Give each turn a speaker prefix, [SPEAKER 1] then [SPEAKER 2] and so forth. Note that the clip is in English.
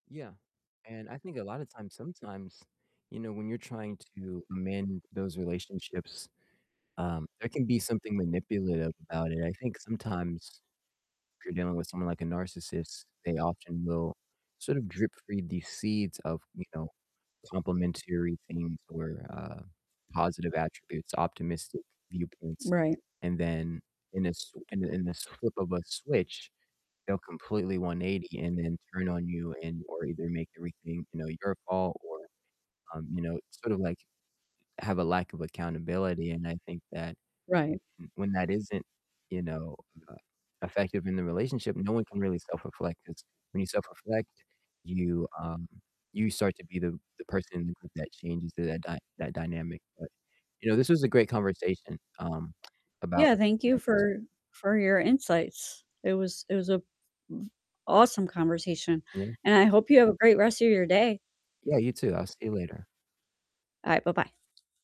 [SPEAKER 1] Yeah, and I think a lotta times sometimes, you know, when you're trying to amend those relationships, um, there can be something manipulative about it, I think sometimes if you're dealing with someone like a narcissist, they often will sort of drip-feed these seeds of, you know, complimentary things or, uh, positive attributes, optimistic viewpoints,
[SPEAKER 2] Right.
[SPEAKER 1] and then in a s in a in the flip of a switch, they'll completely 180 and then turn on you, and or either make everything, you know, your fault, or, um, you know, sort of like, have a lack of accountability, and I think that w
[SPEAKER 2] Right.
[SPEAKER 1] m when that isn't, you know, uh, effective in the relationship, no one can really self-reflect, 'cause when you self-reflect, you, um you start to be the the person that changes that dy that dynamic, but, you know, this was a great conversation, um, about
[SPEAKER 2] Yeah, thank you for
[SPEAKER 1] [unintelligible]
[SPEAKER 2] for your insights, it was it was a awesome conversation,
[SPEAKER 1] Yeah.
[SPEAKER 2] and I hope you have a great rest of your day.
[SPEAKER 1] Yeah, you too. I'll see you later.
[SPEAKER 2] All right, bye-bye.